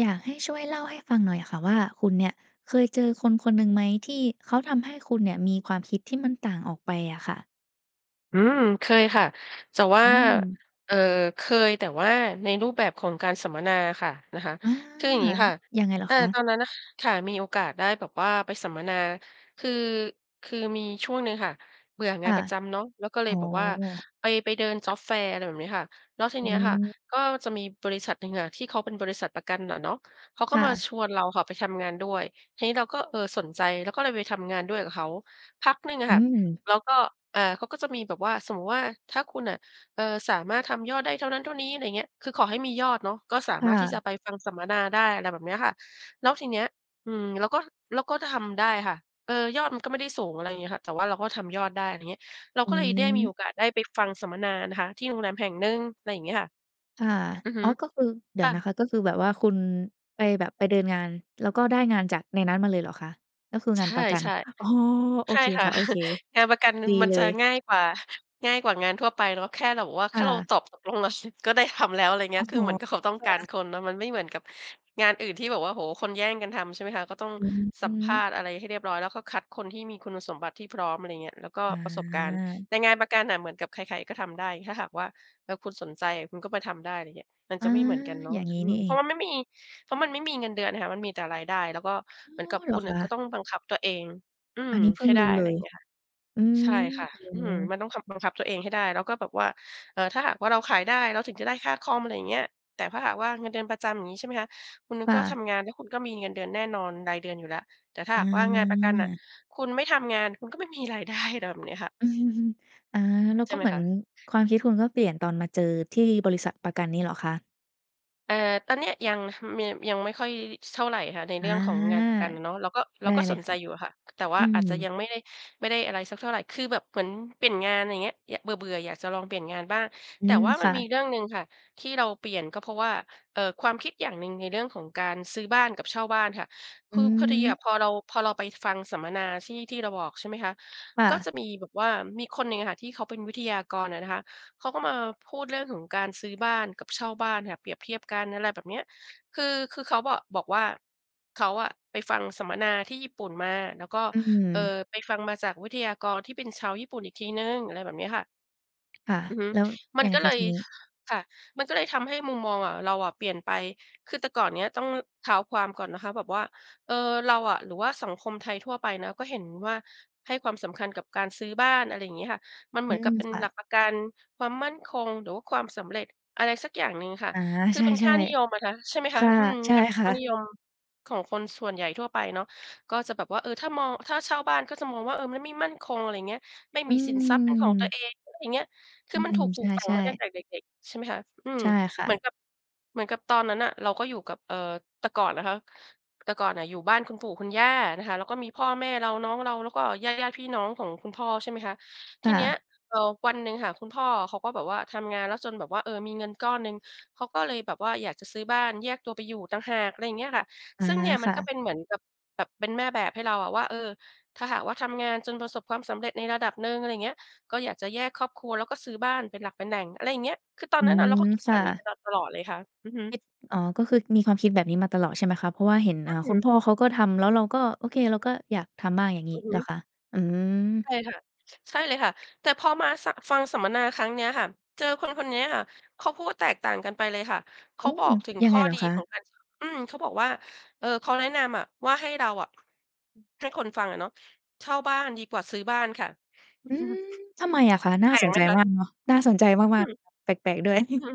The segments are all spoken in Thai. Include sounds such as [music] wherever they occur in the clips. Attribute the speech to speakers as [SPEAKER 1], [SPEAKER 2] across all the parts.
[SPEAKER 1] อยากให้ช่วยเล่าให้ฟังหน่อยอะค่ะว่า คุณเนี่ยเคยเจอคนคนหนึ่งไหม ที่เขาทำให้คุณเนี่ยมีความคิดที่มันต่างออกไปอะค่ะ?
[SPEAKER 2] อืม เคยค่ะ แต่ว่า
[SPEAKER 1] อืม
[SPEAKER 2] เอ่อ เคย แต่ว่าในรูปแบบของการสัมมนาค่ะ นะคะ
[SPEAKER 1] อา
[SPEAKER 2] คืออย่างงี้ค่ะ
[SPEAKER 1] ยังไงเหรอ
[SPEAKER 2] อา
[SPEAKER 1] ค
[SPEAKER 2] ต
[SPEAKER 1] ะ?
[SPEAKER 2] อนนั้น ค่ะ มีโอกาสได้แบบว่าไปสัมมนา คือ คือมีช่วงหนึ่งค่ะเบื่อง
[SPEAKER 1] ค
[SPEAKER 2] าน
[SPEAKER 1] ่ะ
[SPEAKER 2] ประจำเนาะ แล้วก็เล
[SPEAKER 1] อ๋
[SPEAKER 2] ย
[SPEAKER 1] อ
[SPEAKER 2] แบบว่าไป ไปเดิน Job Fair อะไรแบบเนี้ยค่ะ แล้วที
[SPEAKER 1] อ
[SPEAKER 2] เนี้ยค่ะ
[SPEAKER 1] ืม
[SPEAKER 2] ก็จะมีบริษัทหนึ่งอะ ที่เขาเป็นบริษัทประกันน่ะเนาะ เขาก
[SPEAKER 1] ค
[SPEAKER 2] ็
[SPEAKER 1] ่
[SPEAKER 2] มา
[SPEAKER 1] ะ
[SPEAKER 2] ชวนเราค่ะไปทำงานด้วย ทีนี้เราก็ เออ สนใจ แล้วก็เลยไปทำงานด้วยกับเขา พักหนึ่งอะ
[SPEAKER 1] อื
[SPEAKER 2] ค่ะ
[SPEAKER 1] ม
[SPEAKER 2] แล้วก็ อ่า เขาก็จะมีแบบว่า สมมุติว่า ถ้าคุณน่ะ เออ สามารถทำยอดได้เท่านั้นเท่านี้ อะไรอย่างเงี้ย คือขอให้มียอดเนาะ ก็สา
[SPEAKER 1] ค่
[SPEAKER 2] มารถที่จะ
[SPEAKER 1] ะ
[SPEAKER 2] ไปฟังสัมมนาได้ อะไรแบบเนี้ยค่ะ แล้วทีเนี้ย อืม แล้วก็ แล้วก็ถ้าทำได้ค่ะ เออ ยอดมันก็ไม่ได้สูง อะไรอย่างเงี้ยค่ะ แต่ว่าเราก็ทำยอดได้ อะไรเงี้ย เรา
[SPEAKER 1] อ
[SPEAKER 2] ก็เลยได้มี
[SPEAKER 1] ืม
[SPEAKER 2] โอกาสได้ไปฟังสัมมนานะคะ ที่โรงแรมแห่งหนึ่ง อะไรอย่างเงี้ยค่ะ
[SPEAKER 1] ค่ะ
[SPEAKER 2] อือฮ
[SPEAKER 1] อ
[SPEAKER 2] ึ
[SPEAKER 1] ๋อ ก็คือ เดี
[SPEAKER 2] ค
[SPEAKER 1] ๋ย
[SPEAKER 2] ่
[SPEAKER 1] วนะค
[SPEAKER 2] ะ
[SPEAKER 1] ะ ก็คือแบบว่าคุณ ไปแบบ ไปเดินงาน แล้วก็ได้งานจากในนั้นมาเลยเหรอคะ? ก็คือคือ
[SPEAKER 2] ใ
[SPEAKER 1] ง
[SPEAKER 2] ช
[SPEAKER 1] าน
[SPEAKER 2] ่
[SPEAKER 1] ประกัน อ๋อ โอ
[SPEAKER 2] ๆ ใช่
[SPEAKER 1] เค
[SPEAKER 2] ค่ะ
[SPEAKER 1] ค่ะ โอเค
[SPEAKER 2] [chuckles] งานประกัน
[SPEAKER 1] ดี
[SPEAKER 2] มัน
[SPEAKER 1] เล
[SPEAKER 2] จะ
[SPEAKER 1] ย
[SPEAKER 2] ง่ายกว่า ง่ายกว่างานทั่วไปเนาะ แค่เราบอกว่า
[SPEAKER 1] ค
[SPEAKER 2] แค
[SPEAKER 1] ่
[SPEAKER 2] ่เรา
[SPEAKER 1] ะ
[SPEAKER 2] ตอบตกลงแล้ว ช ก็ได้ทำแล้ว อะไรอย่างเง
[SPEAKER 1] โ
[SPEAKER 2] ี
[SPEAKER 1] อ
[SPEAKER 2] ้
[SPEAKER 1] ้
[SPEAKER 2] ย ค
[SPEAKER 1] โฮ
[SPEAKER 2] ือเหมือนกับเขาต้อง
[SPEAKER 1] ค่
[SPEAKER 2] การ
[SPEAKER 1] ะ
[SPEAKER 2] คนเนาะ มันไม่เหมือนกับงานอื่นที่แบบว่า โอ้โฮ คนแย่งกันทำใช่ไหมคะ ก็ต้อง
[SPEAKER 1] อือฮ
[SPEAKER 2] สัมภา
[SPEAKER 1] ึ
[SPEAKER 2] ษณ์อะไรให้เรียบร้อย แล้วก็คัดคนที่มีคุณสมบัติที่พร้อม อะไรอย่างเงี้ย แล้วก็
[SPEAKER 1] อ
[SPEAKER 2] ประสบการณ์
[SPEAKER 1] า
[SPEAKER 2] แต่งานประกันน่ะเหมือนกับใคร ๆ ก็ทำได้ ถ้าหากว่า เออ คุณสนใจ คุณก็ไปทำได้ อะไรอย่างเงี้ย มัน
[SPEAKER 1] อ
[SPEAKER 2] จ
[SPEAKER 1] า
[SPEAKER 2] ะไม่เหมือนกันเนาะ
[SPEAKER 1] อย่าง
[SPEAKER 2] ค
[SPEAKER 1] งี้
[SPEAKER 2] อื
[SPEAKER 1] น
[SPEAKER 2] ม
[SPEAKER 1] ี่เ
[SPEAKER 2] เ
[SPEAKER 1] อ
[SPEAKER 2] พรา
[SPEAKER 1] ง
[SPEAKER 2] ะว่าไม่มี เพราะมันไม่มีเงินเดือนค่ะ มันมีแต่รายได้ แล้วก็
[SPEAKER 1] อ
[SPEAKER 2] เหมื
[SPEAKER 1] ๋
[SPEAKER 2] อน
[SPEAKER 1] อ
[SPEAKER 2] กับ
[SPEAKER 1] เห
[SPEAKER 2] ค
[SPEAKER 1] ร
[SPEAKER 2] ุ
[SPEAKER 1] อ
[SPEAKER 2] ณน
[SPEAKER 1] ค
[SPEAKER 2] ่ะก
[SPEAKER 1] ะ
[SPEAKER 2] ็ต้องบังคับตัวเอง อื
[SPEAKER 1] อ
[SPEAKER 2] ม
[SPEAKER 1] ันนี้เพิ
[SPEAKER 2] ใ
[SPEAKER 1] ่
[SPEAKER 2] ห
[SPEAKER 1] ง
[SPEAKER 2] ้ได
[SPEAKER 1] ร
[SPEAKER 2] ้
[SPEAKER 1] ู้เ
[SPEAKER 2] อะ
[SPEAKER 1] ล
[SPEAKER 2] ไรอ
[SPEAKER 1] ย
[SPEAKER 2] ย่างเงี้ยค่ะ
[SPEAKER 1] อืม
[SPEAKER 2] ใช่ค่ะ
[SPEAKER 1] อื
[SPEAKER 2] อืม
[SPEAKER 1] อ
[SPEAKER 2] มันต้องคับ บังคับตัวเองให้ได้ แล้วก็แบบว่า เอ่อ ถ้าหากว่าเราขายได้ เราถึงจะได้ค่าคอม อะไรอย่างเงี้ย แต่ถ้าหากว่าเงินเดือนประจำ อย่างงี้ใช่ไหมคะ คุณ
[SPEAKER 1] ค่
[SPEAKER 2] ก็ท
[SPEAKER 1] ะ
[SPEAKER 2] ำงานแล้วคุณก็มีเงินเดือนแน่นอนรายเดือนอยู่แล้ว แต่ถ้า
[SPEAKER 1] อ
[SPEAKER 2] หากว่างานประกันน่ะ
[SPEAKER 1] า
[SPEAKER 2] คุณไม่ทำงาน คุณก็ไม่มีรายได้ อะไรแบบเนี้ยค่ะ
[SPEAKER 1] [chuckles] อา แล้ว
[SPEAKER 2] ใช
[SPEAKER 1] ก
[SPEAKER 2] ่
[SPEAKER 1] ็
[SPEAKER 2] ไหม
[SPEAKER 1] เหมื
[SPEAKER 2] ค
[SPEAKER 1] อน
[SPEAKER 2] ะ?
[SPEAKER 1] ความคิดคุณก็เปลี่ยนตอนมาเจอที่บริษัทประกันนี้เหรอคะ?
[SPEAKER 2] เออ ตอนเนี้ยยัง ห มี ยังไม่ค่อย ช เท่าไรค่ะ ในเ
[SPEAKER 1] อ
[SPEAKER 2] รื
[SPEAKER 1] า
[SPEAKER 2] ่องของงานประกันอะเนาะ เราก็ เรา
[SPEAKER 1] ได้
[SPEAKER 2] ก็
[SPEAKER 1] เล
[SPEAKER 2] ส
[SPEAKER 1] ย
[SPEAKER 2] น
[SPEAKER 1] ค
[SPEAKER 2] ใจ
[SPEAKER 1] ่ะ
[SPEAKER 2] อยู่อะค่ะ แต่ว่า
[SPEAKER 1] อื
[SPEAKER 2] อาจจะยั
[SPEAKER 1] ม
[SPEAKER 2] งไม่ได้ ไม่ได้อะไรสักเท่าไร คือแบบเหมือนเปลี่ยนงาน อย่างเงี้ย ย เบื่อ ๆ อยากจะลองเปลี่ยนงานบ้าง
[SPEAKER 1] อื
[SPEAKER 2] แต่
[SPEAKER 1] ม
[SPEAKER 2] ว่าม
[SPEAKER 1] ค
[SPEAKER 2] ัน
[SPEAKER 1] ่
[SPEAKER 2] มี
[SPEAKER 1] ะ
[SPEAKER 2] เรื่องหนึ่งค่ะที่เราเปลี่ยน ก็เพราะว่า เอ่อ ความคิดอย่างหนึ่ง ในเรื่องของการซื้อบ้านกับเช่าบ้านค่ะ
[SPEAKER 1] อ
[SPEAKER 2] คือพอดีอ
[SPEAKER 1] ืม
[SPEAKER 2] ะ พอเรา พอเราไปฟังสัมมนาที่ ที่เราบอก ใช่ไหมคะ
[SPEAKER 1] ค่
[SPEAKER 2] ก็
[SPEAKER 1] ะ
[SPEAKER 2] จะมีแบบว่า มีคนหนึ่งอะค่ะ ที่เขาเป็นวิทยากรอะนะคะ เขาก็มาพูดเรื่องของการซื้อบ้านกับเช่าบ้านค่ะ เปรียบเทียบกัน อะไรแบบเนี้ย คือ คือเขาบอก บอกว่า เขาอะไปฟังสัมมนาที่ญี่ปุ่นมา แล้วก็
[SPEAKER 1] อื
[SPEAKER 2] เอ่อ
[SPEAKER 1] อ
[SPEAKER 2] ไปฟังมาจากวิทยากรที่เป็นชาวญี่ปุ่นอีกทีหนึ่ง อะไรแบบเนี้ยค่ะ
[SPEAKER 1] ค่ะ
[SPEAKER 2] อือฮึ
[SPEAKER 1] แล้ว
[SPEAKER 2] มั
[SPEAKER 1] ย
[SPEAKER 2] น
[SPEAKER 1] ังไง
[SPEAKER 2] ก็
[SPEAKER 1] ค
[SPEAKER 2] เล
[SPEAKER 1] ะ
[SPEAKER 2] ย
[SPEAKER 1] ทีนี้?
[SPEAKER 2] ค่ะ มันก็เลยทำให้มุมมองอะ เราอะเปลี่ยนไป คือแต่ก่อนเนี้ย ต้อง ล ท้าวความก่อนนะคะแบบว่า เออ เราอะ หรือว่าสังคมไทยทั่วไปนะ ก็เห็นว่า ให้ความสำคัญกับการซื้อบ้าน อะไรงี้ค่ะ มันเห
[SPEAKER 1] อ
[SPEAKER 2] ม
[SPEAKER 1] ื
[SPEAKER 2] ือนก
[SPEAKER 1] ม
[SPEAKER 2] ับเป็น
[SPEAKER 1] ค่
[SPEAKER 2] หล
[SPEAKER 1] ะ
[SPEAKER 2] ักประกันความมั่นคง หรือว่าความสำเร็จ อะไรสักอย่างหนึ่งค่ะ
[SPEAKER 1] อา
[SPEAKER 2] คื
[SPEAKER 1] ใ
[SPEAKER 2] อ
[SPEAKER 1] ช
[SPEAKER 2] เป็นค
[SPEAKER 1] ่
[SPEAKER 2] ่านิยมอะนะคะ ใช่ไหม
[SPEAKER 1] ๆ
[SPEAKER 2] ค
[SPEAKER 1] ค
[SPEAKER 2] ะ
[SPEAKER 1] ่ะ
[SPEAKER 2] อืม
[SPEAKER 1] ใช่
[SPEAKER 2] เป็น
[SPEAKER 1] ค
[SPEAKER 2] ค
[SPEAKER 1] ่
[SPEAKER 2] ่า
[SPEAKER 1] ะ
[SPEAKER 2] นิยมของคนส่วนใหญ่ทั่วไปเนาะ ก็จะแบบว่า เออ ถ้ามอง ถ้าเช่าบ้านก็จะมองว่า เออ มันไม่มั่นคง อะไรอย่างเงี้ย ไม่
[SPEAKER 1] อ
[SPEAKER 2] มีสินทรัพย์เป็นของตั
[SPEAKER 1] ืม
[SPEAKER 2] วเอง อะไรอย่างเงี้ย คื
[SPEAKER 1] อ
[SPEAKER 2] อ
[SPEAKER 1] ือ
[SPEAKER 2] มัน
[SPEAKER 1] ฮ
[SPEAKER 2] ถ
[SPEAKER 1] ึ
[SPEAKER 2] ูกปล
[SPEAKER 1] ใ
[SPEAKER 2] ูกฝัง
[SPEAKER 1] ช่
[SPEAKER 2] มาตั้ง
[SPEAKER 1] ๆ
[SPEAKER 2] แต่เด็ก ๆ ใช่ไหมคะ อืม
[SPEAKER 1] ใช่ค่
[SPEAKER 2] เหมื
[SPEAKER 1] ะ
[SPEAKER 2] อนกับ เหมือนกับตอนนั้นน่ะ เราก็อยู่กับ เอ่อ แต่ก่อนนะคะ แต่ก่อนน่ะอยู่บ้านคุณปู่คุณย่านะคะ แล้วก็มีพ่อแม่เรา น้องเรา แล้วก็ญาติ ๆ พี่น้องของคุณพ่อ ใช่ไหมคะ ท
[SPEAKER 1] ค
[SPEAKER 2] ี
[SPEAKER 1] ่
[SPEAKER 2] เนี้ย
[SPEAKER 1] ะ
[SPEAKER 2] เอ่อ วันหนึ่งค่ะ คุณพ่ออะเขาก็แบบว่าทำงาน แล้วจนแบบว่า เออ มีเงินก้อนหนึ่ง เขาก็เลยแบบว่าอยากจะซื้อบ้าน แยกตัวไปอยู่ต่างหาก อะไรอย่างเงี้ยค่ะ
[SPEAKER 1] อา
[SPEAKER 2] ซึ่งเนี่ยมั
[SPEAKER 1] ค
[SPEAKER 2] น
[SPEAKER 1] ่
[SPEAKER 2] ก็
[SPEAKER 1] ะ
[SPEAKER 2] เป็นเหมือนกับแบบ เป็นแม่แบบให้เราอะว่า เออ ถ้าหากว่าทำงาน จนประสบความสำเร็จในระดับหนึ่ง อะไรอย่างเงี้ย ก็อยากจะแยกครอบครัว แล้วก็ซื้อบ้านเป็นหลักเป็นแหล่ง อะไรอย่างเงี้ย คือตอ
[SPEAKER 1] อ
[SPEAKER 2] น
[SPEAKER 1] ื
[SPEAKER 2] นั้นอะเราก็
[SPEAKER 1] ม
[SPEAKER 2] คิด
[SPEAKER 1] ค
[SPEAKER 2] แบ
[SPEAKER 1] ่
[SPEAKER 2] บนี้
[SPEAKER 1] ะ
[SPEAKER 2] มาตลอดเลยค่ะ อือฮ
[SPEAKER 1] ค
[SPEAKER 2] ึ
[SPEAKER 1] ิด อ๋อ ก็คือมีความคิดแบบนี้มาตลอด ใช่ไหมคะ เพราะว่าเห็น
[SPEAKER 2] อ
[SPEAKER 1] อ
[SPEAKER 2] ื
[SPEAKER 1] ่
[SPEAKER 2] ้
[SPEAKER 1] า
[SPEAKER 2] อฮื
[SPEAKER 1] คุณ
[SPEAKER 2] อ
[SPEAKER 1] พ่อเขาก็ทำ แล้วเราก็ โอเค เราก็อยากทำบ้าง อย่างง
[SPEAKER 2] อ
[SPEAKER 1] ี
[SPEAKER 2] ื
[SPEAKER 1] ้
[SPEAKER 2] อฮ
[SPEAKER 1] เหรอ
[SPEAKER 2] ึ
[SPEAKER 1] คะ? อืม
[SPEAKER 2] ใช่ค่ะ ช ใช่เลยค่ะ แต่พอมา ส ฟังสัมมนาครั้งเนี้ยค่ะ เจอคน คนเนี้ยค่ะ เขาพูดแตกต่างกันไปเลยค่ะ เข
[SPEAKER 1] โอ
[SPEAKER 2] า
[SPEAKER 1] ้!
[SPEAKER 2] บอกถึง
[SPEAKER 1] ยั
[SPEAKER 2] ข
[SPEAKER 1] ง
[SPEAKER 2] ้
[SPEAKER 1] ไง
[SPEAKER 2] อ
[SPEAKER 1] เหร
[SPEAKER 2] ดี
[SPEAKER 1] อค
[SPEAKER 2] ของ
[SPEAKER 1] ะ?
[SPEAKER 2] การ อืม เขาบอกว่า เอ่อ เขาแนะนำอะว่า ให้เราอะ ให้คนฟังอะเนาะ เช่าบ้านดีกว่าซื้อบ้านค่ะ
[SPEAKER 1] อืม
[SPEAKER 2] [chuckles]
[SPEAKER 1] ทำไมอะคะ? น่
[SPEAKER 2] แป
[SPEAKER 1] า
[SPEAKER 2] ล
[SPEAKER 1] ส
[SPEAKER 2] กไ
[SPEAKER 1] น
[SPEAKER 2] ห
[SPEAKER 1] ใ
[SPEAKER 2] ม
[SPEAKER 1] จ
[SPEAKER 2] คะ?
[SPEAKER 1] มากเนาะ น่าสนใจ
[SPEAKER 2] อ
[SPEAKER 1] ม
[SPEAKER 2] ื
[SPEAKER 1] าก
[SPEAKER 2] ม
[SPEAKER 1] ๆ แปลก ๆ ด้วย
[SPEAKER 2] อื
[SPEAKER 1] [chuckles]
[SPEAKER 2] ม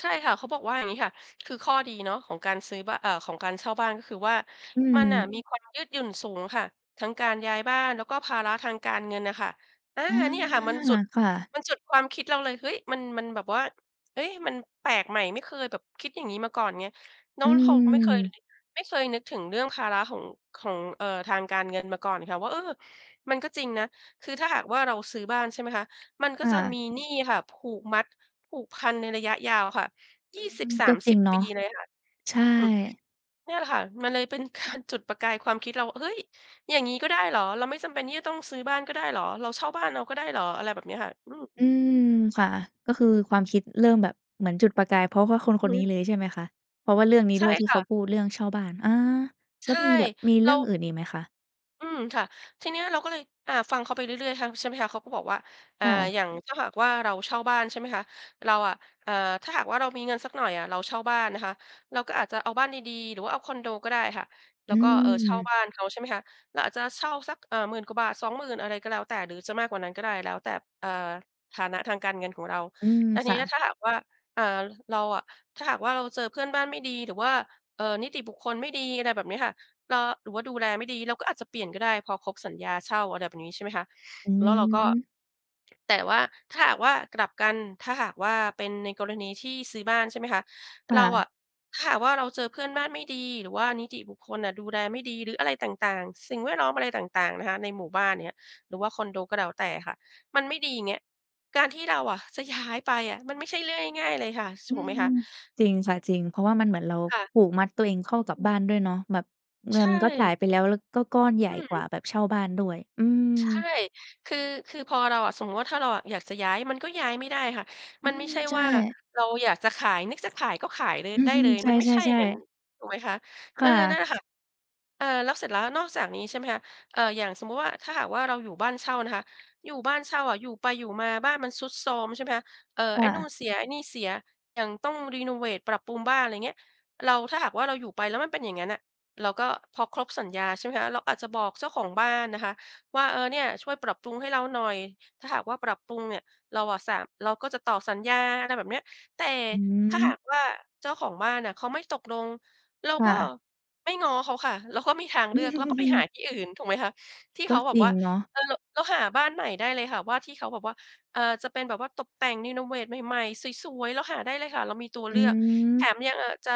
[SPEAKER 2] ใช่ค่ะ เขาบอกว่าอย่างงี้ค่ะ คือข้อดีเนาะ ของการซื้อ บ อ่า ของการเช่าบ้านก็คือว่า
[SPEAKER 1] อ
[SPEAKER 2] มันน่ะ
[SPEAKER 1] ืม
[SPEAKER 2] มีความยืดหยุ่นสูงค่ะ ทั้งการย้ายบ้าน แล้วก็ภาระทางการเงินน่ะค่ะ อา
[SPEAKER 1] อา
[SPEAKER 2] เนี่ยค่ะมันจุด
[SPEAKER 1] ค่ะ
[SPEAKER 2] มันจุดความคิดเราเลย เฮ้ย! มัน มันแบบว่า เฮ้ย มันแปลกใหม่ ไม่เคยแบบคิดอย่างนี้มาก่อนไง น้
[SPEAKER 1] อ
[SPEAKER 2] อง
[SPEAKER 1] ื
[SPEAKER 2] ล เขาไม่เคย
[SPEAKER 1] ม
[SPEAKER 2] ไม่เคยนึกถึงเรื่องภาระของ ของ เอ่อ ทางการเงินมาก่อนค่ะว่า เออ มันก็จริงนะ คือถ้าหากว่า เราซื้อบ้าน ใช่ไหมคะ มันก็
[SPEAKER 1] ค
[SPEAKER 2] จะ
[SPEAKER 1] ่ะ
[SPEAKER 2] มีหนี้ค่ะ ผูกมัด ผูกพันในระยะยาวค่ะ ย
[SPEAKER 1] อ
[SPEAKER 2] ี
[SPEAKER 1] ื
[SPEAKER 2] ่สิบ
[SPEAKER 1] ม
[SPEAKER 2] สา
[SPEAKER 1] ก็
[SPEAKER 2] ม
[SPEAKER 1] จ
[SPEAKER 2] ส
[SPEAKER 1] ริ
[SPEAKER 2] ิ
[SPEAKER 1] ง
[SPEAKER 2] บ
[SPEAKER 1] เนา
[SPEAKER 2] ป
[SPEAKER 1] ะ
[SPEAKER 2] ี เลยค่ะ
[SPEAKER 1] ใช่
[SPEAKER 2] อืม เนี่ยแหละค่ะ มันเลยเป็น การ จุดประกายความคิดเรา เฮ้ย! อย่างงี้ก็ได้เหรอ? เราไม่จำเป็นที่จะต้องซื้อบ้านก็ได้เหรอ? เราเช่าบ้านเอาก็ได้เหรอ? อะไรแบบเนี้ยค่ะ อืม
[SPEAKER 1] อืม ค่ะ ก็คือความคิดเริ่มแบบเหมือนจุดประกาย เพราะว่าคนค
[SPEAKER 2] อื
[SPEAKER 1] น
[SPEAKER 2] อ
[SPEAKER 1] น
[SPEAKER 2] ฮ
[SPEAKER 1] ี
[SPEAKER 2] ึ
[SPEAKER 1] ้เลย ใช่ไหมคะ? เพราะว่าเรื่องนี้
[SPEAKER 2] ใช
[SPEAKER 1] ด
[SPEAKER 2] ่
[SPEAKER 1] ้วย ที่
[SPEAKER 2] ค
[SPEAKER 1] เ
[SPEAKER 2] ่
[SPEAKER 1] ขา
[SPEAKER 2] ะ
[SPEAKER 1] พูดเรื่องเช่าบ้าน อา
[SPEAKER 2] ใ
[SPEAKER 1] แ
[SPEAKER 2] ช
[SPEAKER 1] ล้ว
[SPEAKER 2] ่
[SPEAKER 1] มีแบบ มีเ
[SPEAKER 2] เร
[SPEAKER 1] รื่
[SPEAKER 2] า
[SPEAKER 1] องอื่นอีกไหมคะ?
[SPEAKER 2] อืม ค่ะ ทีเนี้ยเราก็เลย อ่า ฟังเขาไปเรื่อย ๆ ฮัง ใช่ไหมคะ? เขาก็บอกว่า อ่า
[SPEAKER 1] ค่ะ
[SPEAKER 2] อย่างถ้าหากว่าเราเช่าบ้าน ใช่ไหมคะ? เราอะ อ่า ถ้าหากว่าเรามีเงินสักหน่อยอะ เราเช่าบ้านนะคะ เราก็อาจจะเอาบ้านดี ๆ หรือว่าเอาคอนโดก็ได้ค่ะ แล
[SPEAKER 1] อ
[SPEAKER 2] ้
[SPEAKER 1] ื
[SPEAKER 2] วก็ เอ่อ เช่า
[SPEAKER 1] ม
[SPEAKER 2] บ้านเขา ใช่ไหมคะ? เราอาจจะเช่าสัก เอ่อ 10,000 กว่าบาท 20,000 อะไรก็แล้วแต่ หรือจะมากกว่านั้นก็ได้แล้วแต่ เอ่อ ฐานะทางการเงินของเรา
[SPEAKER 1] อืม
[SPEAKER 2] อันน
[SPEAKER 1] ค
[SPEAKER 2] ี้
[SPEAKER 1] ่
[SPEAKER 2] นะ
[SPEAKER 1] ะ
[SPEAKER 2] ถ้าหากว่า อ่า เราอะ ถ้าหากว่าเราเจอเพื่อนบ้านไม่ดี หรือว่า เอ่อ นิติบุคคลไม่ดี อะไรแบบนี้ค่ะ เอ่อ หรือว่าดูแลไม่ดี เราก็อาจจะเปลี่ยนก็ได้ พอครบสัญญาเช่า อะไรแบบนี้ ใช่ไหมคะ
[SPEAKER 1] อ
[SPEAKER 2] แล้วเราก็
[SPEAKER 1] ืม
[SPEAKER 2] แต่ว่าถ้าหากว่ากลับกัน ถ้าหากว่า เป็นในกรณีที่ซื้อบ้าน ใช่ไหมคะ
[SPEAKER 1] ค
[SPEAKER 2] เ
[SPEAKER 1] ่
[SPEAKER 2] ราอ
[SPEAKER 1] ะ
[SPEAKER 2] ะ ถ้าหากว่า เราเจอเพื่อนบ้านไม่ดี หรือว่านิติบุคคลน่ะดูแลไม่ดี หรืออะไรต่าง ๆ สิ่งแวดล้อม อะไรต่าง ๆ นะคะ ในหมู่บ้าน อย่างเงี้ย หรือว่าคอนโดก็แล้วแต่ค่ะ มันไม่ดีอย่างเงี้ย การที่เราอะจะ ย้าย ไปอะ มันไม่ใช่เรื่องง่าย ๆ เลยค่ะ ช ถ
[SPEAKER 1] อื
[SPEAKER 2] ูกไหม
[SPEAKER 1] ม
[SPEAKER 2] คะ
[SPEAKER 1] จริงค่ะ จริง เพราะว่ามันเหมือนเรา
[SPEAKER 2] ค่ะ
[SPEAKER 1] ผูกมัดตัวเองเข้ากั
[SPEAKER 2] อ
[SPEAKER 1] บ
[SPEAKER 2] ื
[SPEAKER 1] บ
[SPEAKER 2] ม
[SPEAKER 1] ้านด้วยเนาะ แบบเง
[SPEAKER 2] ใช
[SPEAKER 1] ินก็จ่า
[SPEAKER 2] ่
[SPEAKER 1] ยไปแล้ว แล้วก็ก้อนใหญ
[SPEAKER 2] อื
[SPEAKER 1] ่กว่
[SPEAKER 2] ม
[SPEAKER 1] าแบบเช่าบ้านด้วย อื
[SPEAKER 2] ใช่
[SPEAKER 1] ม
[SPEAKER 2] คือ คือพอเราอะ สมมุติว่าถ้าเราอะอยากจะย้าย มันก็ย้ายไม่ได้ค่ะ
[SPEAKER 1] อ
[SPEAKER 2] ม
[SPEAKER 1] ื
[SPEAKER 2] ันไม่
[SPEAKER 1] ม
[SPEAKER 2] ใช่
[SPEAKER 1] ใช
[SPEAKER 2] ว่า
[SPEAKER 1] ่
[SPEAKER 2] เราอยากจะขาย นึกจะขายก็ขายเลย
[SPEAKER 1] อื
[SPEAKER 2] ไ
[SPEAKER 1] อ
[SPEAKER 2] ด้
[SPEAKER 1] ฮึ
[SPEAKER 2] เลย
[SPEAKER 1] ใ
[SPEAKER 2] มันไม่ใช่อ
[SPEAKER 1] ช
[SPEAKER 2] ย่า
[SPEAKER 1] ่
[SPEAKER 2] งงั้น
[SPEAKER 1] ๆ ๆ
[SPEAKER 2] ถูกไหมคะ? เ
[SPEAKER 1] ค
[SPEAKER 2] ออ
[SPEAKER 1] ่
[SPEAKER 2] นั่นแห
[SPEAKER 1] ะ
[SPEAKER 2] ละค่ะ เอ่อ แล้วเสร็จแล้ว นอกจากนี้ ใช่ไหมคะ อ่า อย่างสมมุติว่า ถ้าหากว่าเราอยู่บ้านเช่านะคะ อยู่บ้านเช่าอะ อยู่ไปอยู่มา บ้านมันทรุดโทรม ใช่ไหมคะ เอ่อ
[SPEAKER 1] ค
[SPEAKER 2] ไอ
[SPEAKER 1] ่
[SPEAKER 2] ้นู่
[SPEAKER 1] ะ
[SPEAKER 2] นเสีย ไอ้นี่เสีย อย่างต้องเรโนเวต ปรับปรุงบ้าน อะไรอย่างเงี้ย เรา ถ้าหากว่า เราอยู่ไป แล้วมันเป็นอย่างงั้นน่ะ เราก็ พอครบสัญญาใ ช่ไหมคะ? เราอาจจะบอกเจ้าของบ้านนะคะว่า เออ เนี่ย ช่วยปรับปรุงให้เราหน่อย ถ้าหากว่าปรับปรุงเนี่ย เราอะสา เราก็จะต่อสัญญา อะไรแบบเนี้ย แต่
[SPEAKER 1] อ
[SPEAKER 2] ถ้าห
[SPEAKER 1] ืม
[SPEAKER 2] ากว่า เจ้าของบ้านน่ะเขาไม่ตกลง เรา
[SPEAKER 1] ค่
[SPEAKER 2] ก็
[SPEAKER 1] ะ
[SPEAKER 2] ไม่ง้อเขาค่ะ เราก็มีทางเลือก เราก็ไปหาที่อื่น ถูกไหมคะ? ที่
[SPEAKER 1] ก
[SPEAKER 2] เข
[SPEAKER 1] ็
[SPEAKER 2] าแบ
[SPEAKER 1] จ
[SPEAKER 2] บ
[SPEAKER 1] ริ
[SPEAKER 2] ว่
[SPEAKER 1] ง
[SPEAKER 2] า
[SPEAKER 1] เนาะ
[SPEAKER 2] เออ แล้วหาบ้านใหม่ได้เลยค่ะว่า ที่เขาแบบว่า อ่า จะเป็นแบบว่าตบแต่ง เรโนเวตใหม่ ๆ สวย ๆ เราหาได้เลยค่ะ เรามีตัว
[SPEAKER 1] อ
[SPEAKER 2] เล
[SPEAKER 1] ื
[SPEAKER 2] ือก แถ
[SPEAKER 1] ม
[SPEAKER 2] มยังอาจจะ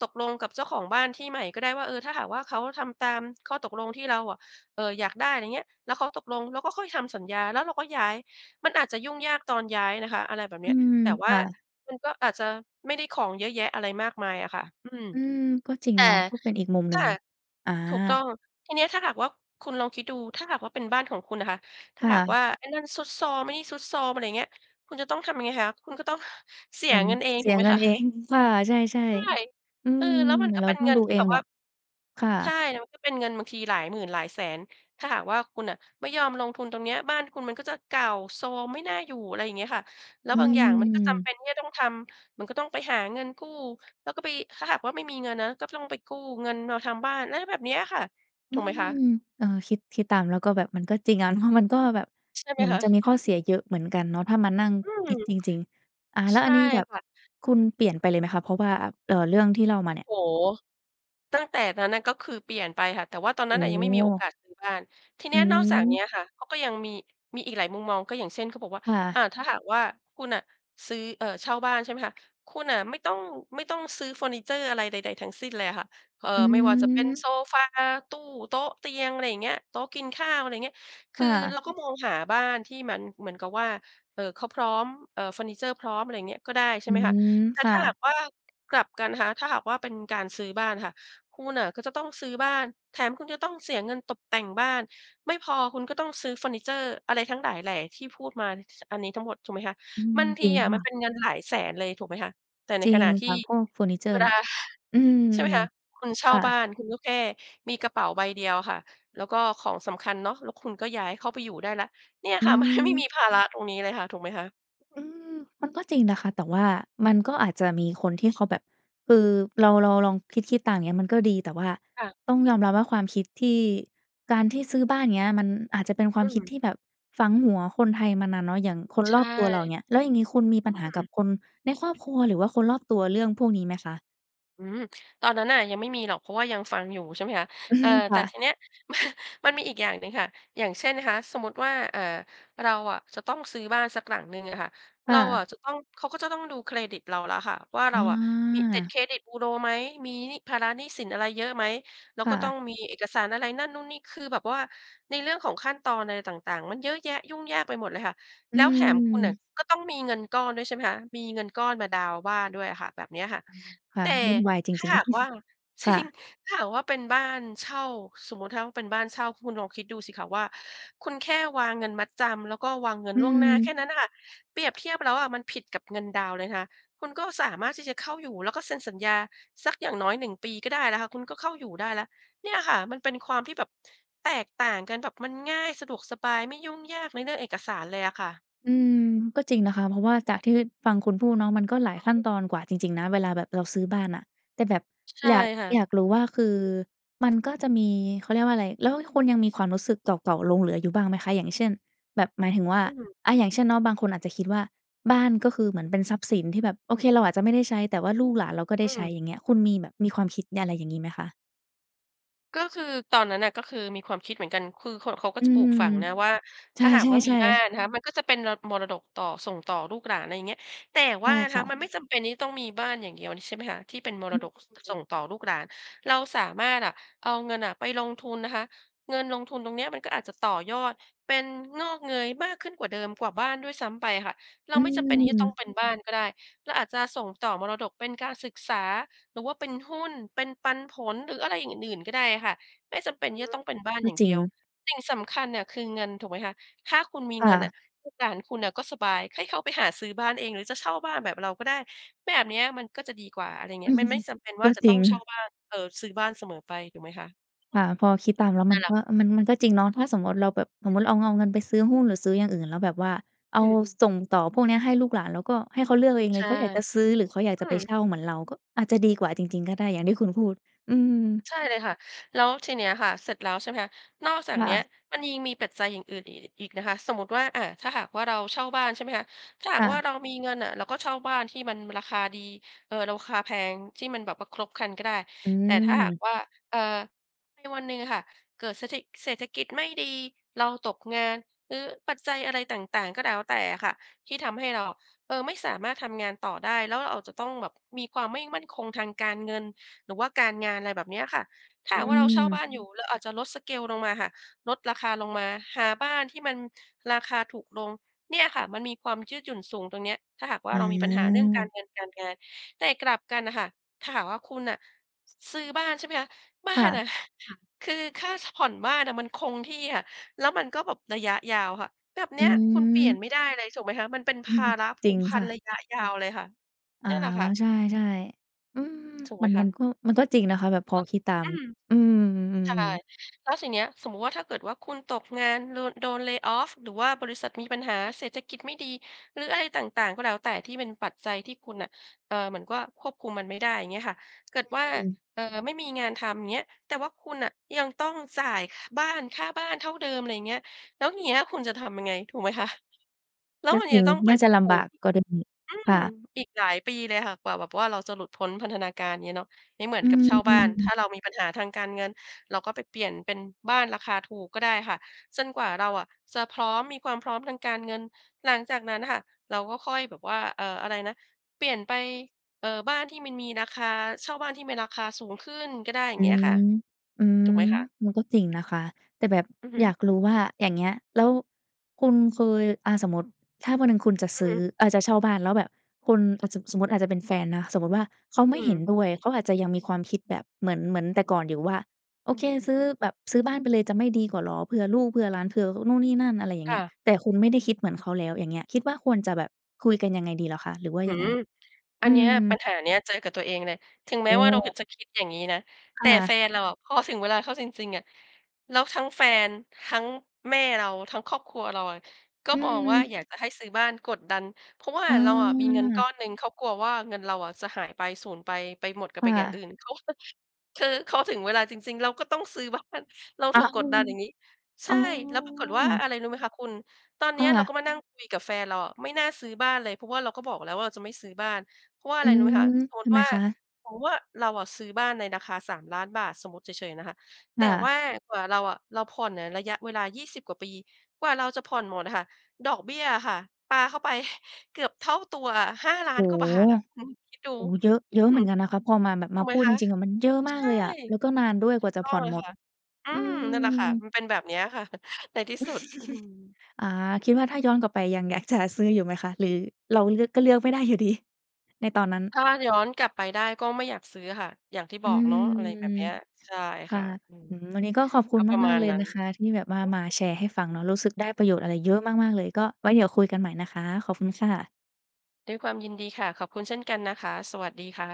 [SPEAKER 2] ตกลงกับเจ้าของบ้านที่ใหม่ก็ได้ว่า เออ ถ้าหากว่า เขาทำตามข้อตกลงที่เราอะ เอ่อ อยากได้ อะไรอย่างเงี้ย แล้วเขาตกลง เราก็ค่อยทำสัญญา แล้วเราก็ย้าย มันอาจจะยุ่งยากตอนย้ายนะคะ อะไรแบบ
[SPEAKER 1] อ
[SPEAKER 2] เน
[SPEAKER 1] ื
[SPEAKER 2] ี้ย
[SPEAKER 1] ม
[SPEAKER 2] แต่ว
[SPEAKER 1] ค
[SPEAKER 2] ่า
[SPEAKER 1] ่ะ
[SPEAKER 2] มันก็อาจจะไม่ได้ของเยอะแยะอะไรมากมายอะค่ะ อืม
[SPEAKER 1] อืม ก็จริง
[SPEAKER 2] แต่
[SPEAKER 1] เนาะ ก็เป็นอีกมุม
[SPEAKER 2] ค
[SPEAKER 1] หนึ่
[SPEAKER 2] ่
[SPEAKER 1] ง
[SPEAKER 2] ะ
[SPEAKER 1] อา
[SPEAKER 2] ถูกต้อง ทีเนี้ยถ้าหากว่า คุณลองคิดดู ถ้าหากว่าเป็นบ้านของคุณน่ะคะ ถ้
[SPEAKER 1] ค
[SPEAKER 2] า
[SPEAKER 1] ่
[SPEAKER 2] หากว
[SPEAKER 1] ะ
[SPEAKER 2] ่า ไอ้นั่นทรุดโทรม ไอ้นี่ทรุดโทรม อะไรเงี้ย คุณจะต้องทำยังไงคะ คุณก็ต้องเสี
[SPEAKER 1] ม
[SPEAKER 2] ย
[SPEAKER 1] ัน
[SPEAKER 2] เงินเอง
[SPEAKER 1] เส
[SPEAKER 2] ถู
[SPEAKER 1] ีย
[SPEAKER 2] ก ไหม
[SPEAKER 1] เงิ
[SPEAKER 2] ค
[SPEAKER 1] น
[SPEAKER 2] ะ?
[SPEAKER 1] เอง ค่ะ ใช่
[SPEAKER 2] ใช่
[SPEAKER 1] ๆ อื
[SPEAKER 2] เอ
[SPEAKER 1] ม
[SPEAKER 2] อ แล้วมั
[SPEAKER 1] เห
[SPEAKER 2] น
[SPEAKER 1] มื
[SPEAKER 2] ก
[SPEAKER 1] อน
[SPEAKER 2] ็
[SPEAKER 1] เร
[SPEAKER 2] เ
[SPEAKER 1] า
[SPEAKER 2] ป็น
[SPEAKER 1] ต้อ
[SPEAKER 2] เง
[SPEAKER 1] ง
[SPEAKER 2] ิ
[SPEAKER 1] ด
[SPEAKER 2] น
[SPEAKER 1] ู
[SPEAKER 2] ที่
[SPEAKER 1] เอ
[SPEAKER 2] แบ
[SPEAKER 1] ง
[SPEAKER 2] บ
[SPEAKER 1] หม
[SPEAKER 2] ว่า
[SPEAKER 1] ด ค่
[SPEAKER 2] ใช่
[SPEAKER 1] ะ
[SPEAKER 2] แล้วมันก็เป็นเงิน บางทีหลายหมื่นหลายแสน ถ้าหากว่า คุณน่ะไม่ยอมลงทุนตรงเนี้ย บ้านคุณมันก็จะเก่า โทรม ไม่น่าอยู่ อะไรอย่างเงี้ยค่ะ แล้
[SPEAKER 1] อ
[SPEAKER 2] ว
[SPEAKER 1] ื
[SPEAKER 2] บางอย่างมันก็จำเ
[SPEAKER 1] ม
[SPEAKER 2] ป็นที่จะต้องทำ มันก็ต้องไปหาเงินกู้ แล้วก็ไป ถ้าหากว่าไม่มีเงินนะ ก็ต้องไปกู้เงินมาทำบ้าน อะไรแบบเนี้ยค่ะ
[SPEAKER 1] อ
[SPEAKER 2] ถ
[SPEAKER 1] ื
[SPEAKER 2] ูกไหมคะ?
[SPEAKER 1] ม เออ คิด คิดตามแล้วก็แบบ มันก็จริงอะ เนาะ มันก็แบบ
[SPEAKER 2] ใช่ไห
[SPEAKER 1] เ
[SPEAKER 2] ม
[SPEAKER 1] หมือน
[SPEAKER 2] คะ?
[SPEAKER 1] จะมีข้อเสียเยอะเหมือนกันเนาะ ถ้ามานั่ง
[SPEAKER 2] อื
[SPEAKER 1] ค
[SPEAKER 2] ม
[SPEAKER 1] ิดจริง ๆ อ่า แล
[SPEAKER 2] ใ
[SPEAKER 1] ้
[SPEAKER 2] ช
[SPEAKER 1] วอั
[SPEAKER 2] ่
[SPEAKER 1] นนี้แบบ
[SPEAKER 2] ค่ะ
[SPEAKER 1] คุณเปลี่ยนไปเลยไหมคะ? เพราะว่า อา เออ เรื่องที่เล่ามาเนี่ย
[SPEAKER 2] โอ้โฮ! ตั้งแต่นั้นน่ะ ก็คือเปลี่ยนไปค่ะ แต่ว่าตอน
[SPEAKER 1] โ
[SPEAKER 2] น
[SPEAKER 1] อ
[SPEAKER 2] ั้น
[SPEAKER 1] ้
[SPEAKER 2] น่ะยั
[SPEAKER 1] โ
[SPEAKER 2] งไม่มีโอก
[SPEAKER 1] ฮ!
[SPEAKER 2] าสซื้อบ้าน ที
[SPEAKER 1] อ
[SPEAKER 2] เนี้ยนอกจากเน
[SPEAKER 1] ื
[SPEAKER 2] ี
[SPEAKER 1] ม
[SPEAKER 2] ้ยค่ะ เขาก็ยังมี มีอีกหลายมุมมอง ก็อย่างเช่นเขาบอกว่า
[SPEAKER 1] ค่ะ
[SPEAKER 2] อ่า ถ้าหากว่า คุณน่ะซื้อ เอ่อ เช่าบ้านใช่ไหมคะ? คุณน่ะไม่ต้อง ไม่ต้องซื้อเฟอร์นิเชอร์ อะไรใด ๆ ทั้งสิ้นเลยอะค่ะ เอ่อ
[SPEAKER 1] อื
[SPEAKER 2] ไม่ว่าจะเป็นโ
[SPEAKER 1] ม
[SPEAKER 2] ซฟา ตู้ โต๊ะ เตียง อะไรอย่างเงี้ย โต๊ะกินข้าว อะไรอย่างเงี้ย ค
[SPEAKER 1] ค
[SPEAKER 2] ือ
[SPEAKER 1] ่
[SPEAKER 2] เ
[SPEAKER 1] ะ
[SPEAKER 2] ราก็มองหาบ้านที่มันเหมือนกับว่า เอ่อ เขาพร้อม เอ่อ เฟอร์นิเชอร์พร้อม อะไรอย่างเงี้ย ก็ได้ใช
[SPEAKER 1] อ
[SPEAKER 2] ่
[SPEAKER 1] ื
[SPEAKER 2] ไหมคะ?
[SPEAKER 1] ม
[SPEAKER 2] แต่
[SPEAKER 1] ค่
[SPEAKER 2] ถ้าหา
[SPEAKER 1] ะ
[SPEAKER 2] กว่า กลับกันนะคะ ถ้าหากว่า เป็นการซื้อบ้านค่ะ คุณน่ะก็จะต้องซื้อบ้าน แถมคุณจะต้องเสียเงินตบแต่งบ้าน ไม่พอ คุณก็ต้องซื้อเฟอร์นิเชอร์ อะไรทั้งหลายแหล่ที่พูดมา ช อันนี้ทั้งหมดถูกไหมคะ?
[SPEAKER 1] อืม
[SPEAKER 2] บางท
[SPEAKER 1] จ
[SPEAKER 2] ี
[SPEAKER 1] ริง
[SPEAKER 2] อะ
[SPEAKER 1] ค่
[SPEAKER 2] มั
[SPEAKER 1] ะ
[SPEAKER 2] นเป็นเงินหลายแสนเลย ถูกไหมคะ แต่ใ
[SPEAKER 1] จ
[SPEAKER 2] น
[SPEAKER 1] ริ
[SPEAKER 2] ข
[SPEAKER 1] ง
[SPEAKER 2] ณะที
[SPEAKER 1] ค
[SPEAKER 2] ่
[SPEAKER 1] ่ะ พวกเฟอร์นิเชอ
[SPEAKER 2] เ
[SPEAKER 1] ร
[SPEAKER 2] ว
[SPEAKER 1] ์เน
[SPEAKER 2] ล
[SPEAKER 1] ี
[SPEAKER 2] า
[SPEAKER 1] ่ย อืม
[SPEAKER 2] ใช่ไหมคะ คุณเช่
[SPEAKER 1] ค
[SPEAKER 2] า
[SPEAKER 1] ่
[SPEAKER 2] บ้า
[SPEAKER 1] ะ
[SPEAKER 2] น คุณก็แค่มีกระเป๋าใบเดียวค่ะ แล้วก็ของสำคัญเนาะ แล้วคุณก็ย้ายเข้าไปอยู่ได้แล้ว เนี่ย
[SPEAKER 1] อื
[SPEAKER 2] ค่ะ มัน ไม่มี
[SPEAKER 1] ม
[SPEAKER 2] ภาระตรงนี้เลยค่ะ ถูกไหมคะ?
[SPEAKER 1] อืม มันก็จริงนะคะ แต่ว่ามันก็อาจจะมีคนที่เขาแบบ คือเรา เราลองคิด คิดตามอย่างเงี้ย มันก็ดี แต่ว่า
[SPEAKER 2] ค่ะ
[SPEAKER 1] ต้องยอมรับว่า ความคิดที่ การที่ซื้อบ้าน อย่างเงี้ย มันอาจจะเป็นคว
[SPEAKER 2] อ
[SPEAKER 1] า
[SPEAKER 2] ื
[SPEAKER 1] มคิด
[SPEAKER 2] ม
[SPEAKER 1] ที่แบบฝังหัวคนไทยมานานเนาะ อย่างคน
[SPEAKER 2] ใช
[SPEAKER 1] ร
[SPEAKER 2] ่
[SPEAKER 1] อบตัวเรา อย่างเงี้ย แล้วอย่างงี้คุณมี
[SPEAKER 2] อื
[SPEAKER 1] ปัญหากั
[SPEAKER 2] ม
[SPEAKER 1] บคนในครอบครัว หรือว่าคนรอบตัว เรื่องพวกนี้ไหมคะ?
[SPEAKER 2] อืม ตอนนั้นน่ะยังไม่มีหรอก เพราะว่ายังฟังอยู่ใช่ไหมคะ
[SPEAKER 1] อื
[SPEAKER 2] เอ่อ
[SPEAKER 1] ม ค
[SPEAKER 2] แต่
[SPEAKER 1] ่ะ
[SPEAKER 2] ทีเนี้ย [chuckles] มันมีอีกอย่างหนึ่งค่ะ อย่างเช่นนะคะ สมมุติว่า อ่า เราอะจะต้องซื้อบ้านสักหลังหนึ่งอะค่ะ
[SPEAKER 1] ค
[SPEAKER 2] เร
[SPEAKER 1] ่
[SPEAKER 2] า
[SPEAKER 1] ะ
[SPEAKER 2] อะจะต้อง เขาก็จะต้องดูเครดิตเราแล้วค่ะ ว่าเ
[SPEAKER 1] อ
[SPEAKER 2] ราอะมี ติด
[SPEAKER 1] า
[SPEAKER 2] เครดิตบูโรไหม? มีหนี้ ภาระหนี้สินอะไรเยอะไหม? แล้ว
[SPEAKER 1] ค่
[SPEAKER 2] ก็ต้อง
[SPEAKER 1] ะ
[SPEAKER 2] มีเอกสารอะไรนั่นนู่นนี่ คือแบบว่าในเรื่องของขั้นตอนอะไรต่าง ๆ มันเยอะแยะยุ่งยากไปหมดเลยค่ะ
[SPEAKER 1] อ
[SPEAKER 2] แล้วแถมคุณน่ะ
[SPEAKER 1] ืม
[SPEAKER 2] ก็ต้องมีเงินก้อนด้วยใช่ไหมคะ มีเงินก้อนมาดาวน์บ้านด้วยอะค่ะ แบบเนี้ยค่ะ
[SPEAKER 1] อืม ค
[SPEAKER 2] แ
[SPEAKER 1] ่
[SPEAKER 2] ต
[SPEAKER 1] ะ
[SPEAKER 2] ่
[SPEAKER 1] วุ่นวายจร
[SPEAKER 2] ถ้า
[SPEAKER 1] ิง ๆ
[SPEAKER 2] หากว่า
[SPEAKER 1] [chuckles]
[SPEAKER 2] จ
[SPEAKER 1] ค
[SPEAKER 2] ริ
[SPEAKER 1] ่
[SPEAKER 2] ง
[SPEAKER 1] ะ
[SPEAKER 2] ถ้าหากว่า เป็นบ้านเช่า สมมติถ้า เป็นบ้านเช่า คุณลองคิดดูสิค่ะว่า คุณแค่วางเงินมัดจำแล้วก็วางเงิน
[SPEAKER 1] อื
[SPEAKER 2] ล่วงหน้า แค่
[SPEAKER 1] ม
[SPEAKER 2] นั้นน่ะค่ะ เปรียบเทียบแล้วอะมันผิดกับเงินดาวน์เลยนะคะ คุณก็สามารถที่จะเข้าอยู่ แล้วก็เซ็นสัญญาสักอย่างน้อย 1 ปีก็ได้แล้วค่ะ คุณก็เข้าอยู่ได้แล้ว เนี่ยอะค่ะมันเป็นความที่แบบแตกต่างกัน แบบมันง่าย สะดวกสบาย ไม่ยุ่งยากในเรื่องเอกสารเลยอะค่ะ
[SPEAKER 1] อืม ก็จริงนะคะ เพราะว่าจากที่อึ้ด ฟังคุณพูดเนาะ มันก็หลายขั้น
[SPEAKER 2] [unintelligible]
[SPEAKER 1] ตอนกว่าจริง ๆ นะเวลาแบบเราซื้อบ้านน่ะ แต่แบบ
[SPEAKER 2] ช ใช่
[SPEAKER 1] อยาก
[SPEAKER 2] ค่ะ
[SPEAKER 1] อยากรู้ว่า คือ
[SPEAKER 2] อือฮึ
[SPEAKER 1] มันก็จะมี เขาเรียกว่าไร แล้วคุณยังมีความรู้สึกเก่า ๆ หลงเหลืออยู่บ้างไหมคะ? อย่างเช่น แบบหมายถึงว่า
[SPEAKER 2] อืม
[SPEAKER 1] อะ อย่างเช่นเนาะ บางคนอาจจะคิดว่า บ้านก็คือเหมือนเป็นทรัพย์สินที่แบบ โอเค เราอาจจะไม่ได้ใช้ แต่ว่าลูกหลานเราก็ไ
[SPEAKER 2] อ
[SPEAKER 1] ด
[SPEAKER 2] ื
[SPEAKER 1] ้ใช
[SPEAKER 2] ม
[SPEAKER 1] ้ อย่างเงี้ย คุณมีแบบมีความคิด อะไรอย่างงี้ไหมคะ?
[SPEAKER 2] ก็คือ ตอนนั้นน่ะก็คือมีความคิดเหมือนกัน คือเขา เขาก็
[SPEAKER 1] อื
[SPEAKER 2] จะปลู
[SPEAKER 1] ม
[SPEAKER 2] กฝังนะ ว่า
[SPEAKER 1] ใ
[SPEAKER 2] ถ้าหากว่า ม
[SPEAKER 1] ช
[SPEAKER 2] ี
[SPEAKER 1] ่
[SPEAKER 2] บ้า
[SPEAKER 1] ๆ ๆ
[SPEAKER 2] นนะคะมันก็จะเป็น ร มรดกต่อ ส่งต่อลูกหลาน ไรเงี้ย แต่
[SPEAKER 1] ใช
[SPEAKER 2] ว่
[SPEAKER 1] ่
[SPEAKER 2] านะ
[SPEAKER 1] ค
[SPEAKER 2] ค
[SPEAKER 1] ่
[SPEAKER 2] ะ
[SPEAKER 1] ะ
[SPEAKER 2] มันไม่ จำเป็นที่ต้องมีบ้านอย่างเดียวนี่ ใช่ไหมคะ? ที่เป็นม
[SPEAKER 1] อ
[SPEAKER 2] ร
[SPEAKER 1] ื
[SPEAKER 2] ดก ส ส่
[SPEAKER 1] ม
[SPEAKER 2] งต่อลูกหลาน เราสามารถอะเอาเงินอะไปลงทุนนะคะ เงินลงทุนตรงเนี้ยมันก็อาจจะต่อยอดเป็นงอกเงยมากขึ้นกว่าเดิม กว่าบ้านด้วยซ้ำไปค่ะ เร
[SPEAKER 1] อ
[SPEAKER 2] าไม่จำเป็นที่จะต้อง
[SPEAKER 1] ืม
[SPEAKER 2] เป็นบ้าน ก็ได้ เราอาจจะส่งต่อมรดกเป็นการศึกษา หรือว่าเป็นหุ้น เป็นปันผล หรืออะไรอย่างอื่น ๆ ก็ได้อะค่ะ ไม่จำเป
[SPEAKER 1] อ
[SPEAKER 2] ็
[SPEAKER 1] ื
[SPEAKER 2] นท
[SPEAKER 1] ม
[SPEAKER 2] ี่จะต้องเป็นบ้าน
[SPEAKER 1] ก
[SPEAKER 2] อ
[SPEAKER 1] ็
[SPEAKER 2] ย่าง
[SPEAKER 1] จ
[SPEAKER 2] เ
[SPEAKER 1] ร
[SPEAKER 2] ดี
[SPEAKER 1] ิง
[SPEAKER 2] ยว สิ่งสำคัญเนี่ยคือเงิน ถูกไหมคะ? ถ้าคุณมี
[SPEAKER 1] ค
[SPEAKER 2] เ
[SPEAKER 1] ่
[SPEAKER 2] งิน
[SPEAKER 1] ะ
[SPEAKER 2] น่ะลูกหลานคุณน่ะก็สบาย ให้เขาไปหาซื้อบ้านเองหรือจะเช่าบ้านแบบเราก็ได้ แบบเนี้ยมันก็จะดีกว่า อะไรอย่างเงี้ย มันไม่
[SPEAKER 1] [chuckles]
[SPEAKER 2] จำเป็น
[SPEAKER 1] ก
[SPEAKER 2] ว่า
[SPEAKER 1] ็
[SPEAKER 2] จะ
[SPEAKER 1] จ
[SPEAKER 2] ต้
[SPEAKER 1] ร
[SPEAKER 2] อ
[SPEAKER 1] ิ
[SPEAKER 2] ง
[SPEAKER 1] ง
[SPEAKER 2] เช่าบ้าน เอ่อ ซื้อบ้านเสมอไปถูกไหมคะ?
[SPEAKER 1] ค่ะ พอคิดตามแล้ว
[SPEAKER 2] น
[SPEAKER 1] ม
[SPEAKER 2] ั
[SPEAKER 1] ั
[SPEAKER 2] ่
[SPEAKER 1] น
[SPEAKER 2] นแหล
[SPEAKER 1] ก
[SPEAKER 2] ะ
[SPEAKER 1] ็
[SPEAKER 2] ค่ะ
[SPEAKER 1] เออ มัน มันก็จริงเนาะ ถ้าสมมุติเราแบบ ส
[SPEAKER 2] อ
[SPEAKER 1] ม
[SPEAKER 2] ือ
[SPEAKER 1] มุติ
[SPEAKER 2] ฮ
[SPEAKER 1] เร
[SPEAKER 2] ึ
[SPEAKER 1] าเอา เงินไปซื้อหุ้นหรือซื้ออย่างอื่น แล้วแบบว่าเอ
[SPEAKER 2] อ
[SPEAKER 1] า
[SPEAKER 2] ือฮึ
[SPEAKER 1] ส่งต่อพวกเนี้ยให้ลูกหลาน แล้วก็ให้เขาเลือกเอาเองเ
[SPEAKER 2] ใช
[SPEAKER 1] ลย
[SPEAKER 2] ่
[SPEAKER 1] เขาอยากจะซื้อหรือเขาอยาก
[SPEAKER 2] อื
[SPEAKER 1] จะไป
[SPEAKER 2] ม
[SPEAKER 1] เช่าเหมือนเรา ก็อาจจะดีกว่า จริง ๆ ก็ได้อย่างที่คุณพูด อืม
[SPEAKER 2] ใช่เลยค่ะ แล้วทีเนี้ยค่ะ เสร็จแล้วใช่ไหมคะ นอกจา
[SPEAKER 1] ค
[SPEAKER 2] ก
[SPEAKER 1] ่
[SPEAKER 2] เนี้ย
[SPEAKER 1] ะ
[SPEAKER 2] มันยังมีปัจจัยอย่างอื่นอี่ อีกนะคะ สมมติว่า อ่า ถ้าหากว่า เราเช่าบ้านใช่ไหมคะ ถ้าหา
[SPEAKER 1] ค
[SPEAKER 2] ก
[SPEAKER 1] ่
[SPEAKER 2] ว่
[SPEAKER 1] ะ
[SPEAKER 2] า เรามีเงินอะเราก็เช่าบ้านที่มัน ม ราคาดี เอ่อ ราคาแพง ที่มันแบบว่าครบครันก็ได้
[SPEAKER 1] อ
[SPEAKER 2] แต่ถ้าหาก
[SPEAKER 1] ืม
[SPEAKER 2] ว่า เอ่อ ในวันหนึ่งอะค่ะ เกิดสะถิ เศรษฐกิจ ไม่ดี เราตกงาน หรือปัจจัยอะไรต่าง ๆ ก็แล้วแต่อะค่ะ ที่ทำให้เราอะ เอ่อ ไม่สามารถทำงานต่อได้ แล้วเอาจะต้องแบบมีความไม่มั่นคงทางการเงินหรือว่าการงาน อะไรแบบเนี้ยค่ะ ถ้า
[SPEAKER 1] อ
[SPEAKER 2] หากว่า เราเช่า
[SPEAKER 1] ื
[SPEAKER 2] บ้
[SPEAKER 1] ม
[SPEAKER 2] านอยู่ เราอาจจะลด สเกล ลงมาค่ะ ลดราคาลงมา หาบ้านที่มันราคาถูกลง เนี่ยค่ะมันมีความยืดหยุ่นสูงตรงเนี้ย ถ้าหากว่า เรามีปัญหาเรื่องการ
[SPEAKER 1] อา
[SPEAKER 2] เงิน การงาน แต่กลับกันน่ะค่ะ ถ้าหากว่า คุณน่ะ ซ ซื้อบ้านใช่ไหมคะ บ้า
[SPEAKER 1] ค่
[SPEAKER 2] น
[SPEAKER 1] ะ
[SPEAKER 2] น่ะแหละ คือค่า ช ผ่อนบ้านน่ะมันคงที่ค่ะ แล้วมันก็แบบระยะยาวค่ะ แบบเน
[SPEAKER 1] อ
[SPEAKER 2] ี้ยคุณเปลี่ย
[SPEAKER 1] ืม
[SPEAKER 2] น ไม่ได้เลย ถูกไหมคะ? มันเป็นภ
[SPEAKER 1] อื
[SPEAKER 2] า
[SPEAKER 1] ม
[SPEAKER 2] ระผ
[SPEAKER 1] จ
[SPEAKER 2] ู
[SPEAKER 1] ริ
[SPEAKER 2] ก
[SPEAKER 1] ง
[SPEAKER 2] พั
[SPEAKER 1] ค
[SPEAKER 2] น
[SPEAKER 1] ่ะ
[SPEAKER 2] ระยะยาวเลยค่ะ
[SPEAKER 1] อ
[SPEAKER 2] เน
[SPEAKER 1] า
[SPEAKER 2] ี่ยแหละค่ะ
[SPEAKER 1] ใช่ ๆ อืม
[SPEAKER 2] ถูกไห
[SPEAKER 1] มั
[SPEAKER 2] ม
[SPEAKER 1] น
[SPEAKER 2] ค
[SPEAKER 1] มั
[SPEAKER 2] ะ?
[SPEAKER 1] นก็ มันก็จริงนะคะ แบบพอคิด
[SPEAKER 2] [unintelligible]
[SPEAKER 1] ตา
[SPEAKER 2] อื
[SPEAKER 1] ม
[SPEAKER 2] ม
[SPEAKER 1] อื
[SPEAKER 2] ใช
[SPEAKER 1] ม
[SPEAKER 2] ่
[SPEAKER 1] ๆ ๆ ๆ
[SPEAKER 2] แล้วทีเนี้ยสมมติว่า ถ้าเกิดว่า คุณตก งาน โดน โดน layoff หรือว่าบริษัทมีปัญหา เศรษฐกิจไม่ดี หรืออะไรต่าง ๆ ก็แล้วแต่ที่เป็นปัจจัยที่คุณน่ะ เอ่อ เหมือนกับว่า ควบคุมมันไม่ได้ อย่างเงี้ยค่ะ เก
[SPEAKER 1] ใ
[SPEAKER 2] ิ
[SPEAKER 1] ช่
[SPEAKER 2] ด
[SPEAKER 1] เ
[SPEAKER 2] ว
[SPEAKER 1] ล
[SPEAKER 2] ่า
[SPEAKER 1] ย
[SPEAKER 2] เอ่อ ไม่มีงานทำ เงี้ย แต่ว่าคุณน่ะยังต้องจ่าย บ้าน ค่าบ้านเท่าเดิม ไรเงี้ย แล้วเงี้ยคุณจะทำยังไง? ถูกไหมคะ? แล้ว
[SPEAKER 1] ก็
[SPEAKER 2] มัน
[SPEAKER 1] จริ
[SPEAKER 2] จะ
[SPEAKER 1] ง
[SPEAKER 2] ต้องไป
[SPEAKER 1] น่าจะล
[SPEAKER 2] โป
[SPEAKER 1] ำบ
[SPEAKER 2] ะ
[SPEAKER 1] าก ก็เดะมิ่
[SPEAKER 2] อื
[SPEAKER 1] ค
[SPEAKER 2] ม
[SPEAKER 1] ่ะ
[SPEAKER 2] อีกหลายปีเลยค่ะกว่าแบบว่าเราจะหลุดพ้นพันธนาการ เงี้ยเนาะ ไม่เหมือ
[SPEAKER 1] อ
[SPEAKER 2] นกับเช่าบ้าน ถ้
[SPEAKER 1] ืม
[SPEAKER 2] าเรามีปัญหาทางการเงิน เราก็ไปเปลี่ยนเป็นบ้านราคาถูกก็ได้ค่ะ จนกว่าเราอะจะพร้อม มีความพร้อมทางการเงิน หลังจากนั้นค่ะ เราก็ค่อยแบบว่า เอ่อ อะไรนะ เปลี่ยนไป เอ่อ บ้านที่มันมีราคา เช่าบ้านที่มีราคาสูงขึ้นก็ได้ อย่า
[SPEAKER 1] อื
[SPEAKER 2] งเงี้ยค่ะ
[SPEAKER 1] ม อื
[SPEAKER 2] ถู
[SPEAKER 1] ม
[SPEAKER 2] กไหมคะ?
[SPEAKER 1] มันก็จริงนะคะ แต่แบบ
[SPEAKER 2] อือฮึ
[SPEAKER 1] อยากรู้ว่า อย่างเงี้ย แล้วคุณเคย อ่า สมมุติ ถ้าวันหนึ่งคุณจะ
[SPEAKER 2] อื
[SPEAKER 1] ซ
[SPEAKER 2] อ
[SPEAKER 1] ื
[SPEAKER 2] ฮ
[SPEAKER 1] ้
[SPEAKER 2] ึ
[SPEAKER 1] อ อะ จะเช่าบ้าน แล้วแบบคุณ อะ สม สมมุติอาจจะเป็นแฟนนะ สมมุติว่า เขา
[SPEAKER 2] อ
[SPEAKER 1] ไ
[SPEAKER 2] ื
[SPEAKER 1] ม่เห็น
[SPEAKER 2] ม
[SPEAKER 1] ด้วย เขาอาจจะยังมีความคิดแบบเหมือน เหมือนแต่ก่อนอยู่ว่า โอเค ซื้อแบบซื้อบ้านไปเลยจะไม่ดีกว่าเหรอ? เผื่อลูก เผื่อหลาน เผื่อ ค นู่นนี่นั่น อะไรอย่า
[SPEAKER 2] ค
[SPEAKER 1] งเง
[SPEAKER 2] ่
[SPEAKER 1] ี
[SPEAKER 2] ะ
[SPEAKER 1] ้ย แต่คุณไม่ได้คิดเหมือนเขาแล้ว อย่างเงี้ย คิดว่า ควรจะแบบคุยกันยังไงดีเหรอคะ? หรือว่า
[SPEAKER 2] อื
[SPEAKER 1] ยังไ
[SPEAKER 2] ม
[SPEAKER 1] ง?
[SPEAKER 2] อั
[SPEAKER 1] อ
[SPEAKER 2] น
[SPEAKER 1] ื
[SPEAKER 2] เนี้ย ปัญ
[SPEAKER 1] ม
[SPEAKER 2] หาเนี้ยเจอกับตัวเองเลย ถึงแ
[SPEAKER 1] โ
[SPEAKER 2] ม
[SPEAKER 1] อ
[SPEAKER 2] ้
[SPEAKER 1] ้
[SPEAKER 2] ว่า เราจะ จะคิดอย่างงี้นะ
[SPEAKER 1] ค
[SPEAKER 2] แต่
[SPEAKER 1] ่
[SPEAKER 2] แฟ
[SPEAKER 1] ะ
[SPEAKER 2] นเราอะ พอถึงเวลาเข้าจริง ๆ อะ แล้วทั้งแฟน ทั้งแม่เรา ทั้งครอบครัวเราอะก็
[SPEAKER 1] อ
[SPEAKER 2] มองว่า
[SPEAKER 1] ืม
[SPEAKER 2] อยากจะให้ซื้อบ้าน กดดัน เพราะว่าเราอะมีเงินก้อ
[SPEAKER 1] อา
[SPEAKER 2] นหนึ่ง เขากลัวว่า เงินเราอะจะหายไป สูญไป ไปหมดกับ
[SPEAKER 1] ค
[SPEAKER 2] ไป
[SPEAKER 1] ่
[SPEAKER 2] อย่าง
[SPEAKER 1] ะ
[SPEAKER 2] อื่น เขา [chuckles] คือพอถึงเวลาจริง ๆ เราก็ต้องซื้อ บ้าน เรา
[SPEAKER 1] อ้
[SPEAKER 2] ถู
[SPEAKER 1] า
[SPEAKER 2] กก
[SPEAKER 1] ว
[SPEAKER 2] ดดันอย่างนี้ ใช
[SPEAKER 1] อ๋อ
[SPEAKER 2] ่ แล้วปรากฏว่าอะไรรู้ไหมคะคุณ ตอนเน
[SPEAKER 1] ค
[SPEAKER 2] ี้ยเรา
[SPEAKER 1] ่ะ
[SPEAKER 2] ก็มานั่งคุยกับแฟนเราอะ "ไม่น่าซื้อบ้านเลย" เพราะว่าเราก็บอกไปแล้วว่า เราจะไม่ซื้อบ้าน เพราะว่าอ
[SPEAKER 1] อ
[SPEAKER 2] ะ
[SPEAKER 1] ื
[SPEAKER 2] ไรรู้ไหม
[SPEAKER 1] ม
[SPEAKER 2] คะ สมมุ
[SPEAKER 1] ท
[SPEAKER 2] ต
[SPEAKER 1] ำ
[SPEAKER 2] ิ
[SPEAKER 1] ไ
[SPEAKER 2] ว
[SPEAKER 1] ม
[SPEAKER 2] ่า
[SPEAKER 1] คะ?
[SPEAKER 2] สมมุติว่า เราอะซื้อบ้านในราคา ฿3,000,000 สมมุติเฉย ๆ นะคะ แต
[SPEAKER 1] ค
[SPEAKER 2] ่
[SPEAKER 1] ่
[SPEAKER 2] ว่า
[SPEAKER 1] ะ
[SPEAKER 2] กว่าเราอะ เราผ่อนน่ะระยะเวลา 20 กว่าปี กว่าเราจะผ่อนหมดอะค่ะ ดอกเบี้ยอะค่ะปาเข้าไป [chuckles] เกือบเท่าตัวอะ ห้าล้า
[SPEAKER 1] โอ
[SPEAKER 2] น
[SPEAKER 1] ้
[SPEAKER 2] กว่า
[SPEAKER 1] โ
[SPEAKER 2] บา
[SPEAKER 1] ฮ
[SPEAKER 2] ทอะ อืม คิดดู
[SPEAKER 1] โอ้โฮ เยอะ
[SPEAKER 2] อ
[SPEAKER 1] เ
[SPEAKER 2] ื
[SPEAKER 1] ยอะเห
[SPEAKER 2] ม
[SPEAKER 1] มือนกันนะคะ พอมาแบบ
[SPEAKER 2] ถ
[SPEAKER 1] ม
[SPEAKER 2] ู
[SPEAKER 1] า
[SPEAKER 2] กไ
[SPEAKER 1] พ
[SPEAKER 2] หม
[SPEAKER 1] ูด
[SPEAKER 2] ค
[SPEAKER 1] จ
[SPEAKER 2] ะ?
[SPEAKER 1] ริง ๆ อะ มันเยอะม
[SPEAKER 2] ใช
[SPEAKER 1] าก
[SPEAKER 2] ่
[SPEAKER 1] เลยอะ แล้วก็
[SPEAKER 2] ถ
[SPEAKER 1] นานด้วยก
[SPEAKER 2] ู
[SPEAKER 1] ว่
[SPEAKER 2] ก
[SPEAKER 1] าจะ
[SPEAKER 2] ต้
[SPEAKER 1] ผ
[SPEAKER 2] อ
[SPEAKER 1] ่
[SPEAKER 2] ง
[SPEAKER 1] อน
[SPEAKER 2] เลย
[SPEAKER 1] หม
[SPEAKER 2] ค
[SPEAKER 1] ด
[SPEAKER 2] ่ะ อื
[SPEAKER 1] อื
[SPEAKER 2] ม นั่นแหละค่ะ ม
[SPEAKER 1] ม
[SPEAKER 2] ันเป็นแบบเนี้ยค่ะ [chuckles] ในที่สุด อืม
[SPEAKER 1] [chuckles] อา คิดว่า ถ้าย้อ
[SPEAKER 2] อื
[SPEAKER 1] นก
[SPEAKER 2] ม
[SPEAKER 1] ลับไปยังอยากจะซื้ออยู่ไหมคะ? หรือเราเลือก ก็เลือกไม่ได้อยู่ดีในตอนนั้น
[SPEAKER 2] ถ้าย้อนกลับไปได้ก็ไม่อยากซื้อค่ะ อย่างที่บ
[SPEAKER 1] อื
[SPEAKER 2] อกเนา
[SPEAKER 1] ม
[SPEAKER 2] ะ อะไรแบบเนี้ย ใช่
[SPEAKER 1] ค
[SPEAKER 2] ค
[SPEAKER 1] ่ะ
[SPEAKER 2] ่ะ อืม
[SPEAKER 1] อืม วันนี้ก็ขอบคุ
[SPEAKER 2] ก็
[SPEAKER 1] ณ
[SPEAKER 2] ประ
[SPEAKER 1] ม
[SPEAKER 2] มา
[SPEAKER 1] าก ๆ
[SPEAKER 2] ณ
[SPEAKER 1] เลย
[SPEAKER 2] นั้
[SPEAKER 1] น
[SPEAKER 2] น
[SPEAKER 1] ะคะที่แบบว่ามาแชร์ให้ฟังเนาะ รู้สึก ได้ประโยชน์อะไรเยอะมาก ๆ เลย ก็ไว้เดี๋ยวคุยกันใหม่นะคะ ขอบคุณค่ะ
[SPEAKER 2] ด้วยความยินดีค่ะ ขอบคุณเช่นกันนะคะ สวัสดีค่ะ